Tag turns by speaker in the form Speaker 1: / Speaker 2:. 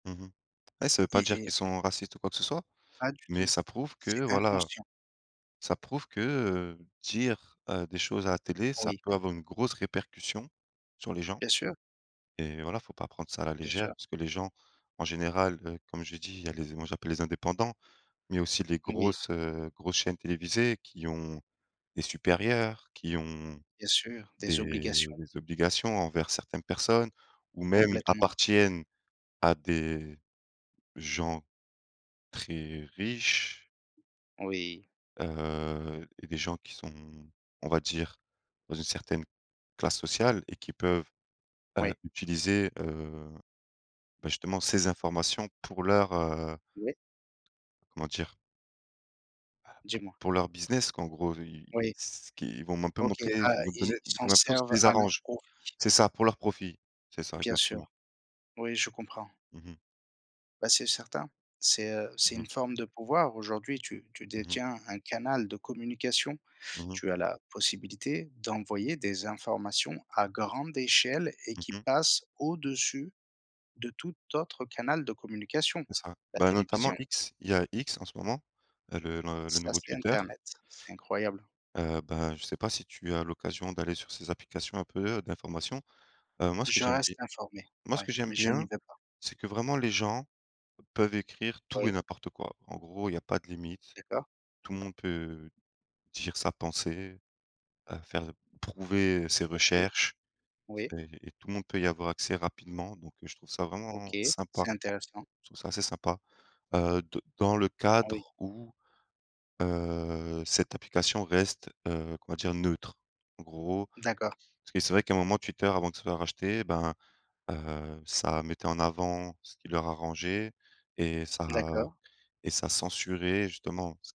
Speaker 1: Mmh mh. Ouais ça veut
Speaker 2: Y
Speaker 1: pas dire
Speaker 2: et
Speaker 1: qu'ils sont racistes ou quoi que ce soit,
Speaker 2: Pas du
Speaker 1: mais
Speaker 2: tout,
Speaker 1: ça prouve
Speaker 2: c'est
Speaker 1: que, voilà,
Speaker 2: inconscient.
Speaker 1: ça prouve que, heu, dire, heu, des choses à la télé, ça
Speaker 2: Oui.
Speaker 1: peut avoir une grosse répercussion sur les gens,
Speaker 2: Bien sûr.
Speaker 1: et voilà, faut pas prendre ça à la
Speaker 2: Bien
Speaker 1: légère.
Speaker 2: sûr.
Speaker 1: Parce que les gens en général, heu, comme je dis, il y a les moi j'appelle les indépendants, mais aussi les
Speaker 2: Oui.
Speaker 1: grosses, heu, grosses chaînes télévisées qui ont des supérieurs, qui ont
Speaker 2: Bien sûr, des obligations.
Speaker 1: des des obligations envers certaines personnes ou même
Speaker 2: Complètement.
Speaker 1: appartiennent à des gens très riches.
Speaker 2: Oui.
Speaker 1: Heu, et des gens qui sont, on va dire dans une certaine classe sociale et qui peuvent, heu,
Speaker 2: Oui.
Speaker 1: utiliser, heu, bah, justement ces informations pour leur, heu
Speaker 2: Oui.
Speaker 1: comment dire? Bah pour
Speaker 2: Dis-moi?
Speaker 1: pour leur business, qu'en gros ils
Speaker 2: Oui.
Speaker 1: ce qu'ils vont un peu
Speaker 2: OK.
Speaker 1: montrer
Speaker 2: Ah
Speaker 1: ils vont te
Speaker 2: ils
Speaker 1: donner
Speaker 2: s'en
Speaker 1: comme impression que ça
Speaker 2: servent
Speaker 1: les
Speaker 2: à leurs
Speaker 1: arrange.
Speaker 2: profits.
Speaker 1: C'est ça pour leurs profits, c'est ça,
Speaker 2: Bien
Speaker 1: exactement.
Speaker 2: sûr. Oui, je comprends.
Speaker 1: Mmh mh.
Speaker 2: Bah c'est certain. C'est, heu, c'est
Speaker 1: Mmh mh.
Speaker 2: une forme de pouvoir. Aujourd'hui, tu tu
Speaker 1: Mmh mh.
Speaker 2: détiens un canal de communication.
Speaker 1: Mmh mh.
Speaker 2: Tu as la possibilité d'envoyer des informations à grande échelle et
Speaker 1: Mmh
Speaker 2: qui
Speaker 1: mh.
Speaker 2: passent au-dessus de tout autre canal de communication,
Speaker 1: C'est ça,
Speaker 2: la
Speaker 1: bah notamment
Speaker 2: télévision.
Speaker 1: X. Il y a X en ce moment, heu, le le le
Speaker 2: Ça,
Speaker 1: nouveau
Speaker 2: c'est
Speaker 1: Twitter.
Speaker 2: internet, c'est incroyable.
Speaker 1: Heu, bah, je sais pas si tu as l'occasion d'aller sur ces applications un peu, heu, d'informations? Heu, moi ce que
Speaker 2: Je
Speaker 1: j'aime
Speaker 2: reste
Speaker 1: bie
Speaker 2: informé,
Speaker 1: moi ce que
Speaker 2: ouais,
Speaker 1: j'aime
Speaker 2: mais je n'y
Speaker 1: bien,
Speaker 2: vais pas.
Speaker 1: c'est que vraiment les gens peuvent écrire tout et
Speaker 2: Oui.
Speaker 1: n'importe quoi. En gros, il y a pas de limite,
Speaker 2: D'accord.
Speaker 1: tout le monde peut dire sa pensée, à faire prouver, heu, ses
Speaker 2: OK,
Speaker 1: recherches.
Speaker 2: oui.
Speaker 1: C'est et tout le monde peut y avoir accès, rapidement, donc heu, je trouve ça vraiment
Speaker 2: OK,
Speaker 1: sympa.
Speaker 2: c'est intéressant.
Speaker 1: Je trouve ça assez sympa, heu, de dans le
Speaker 2: Oui.
Speaker 1: cadre où, heu, cette application reste, heu, on va dire: «neutre», en gros.
Speaker 2: D'accord.
Speaker 1: Parce que c'est vrai qu'un moment Twitter avant de se faire racheter, ben, heu, ça mettait en avant ce qui leur arrangeait et ça
Speaker 2: D'accord.
Speaker 1: et ça censurait justement s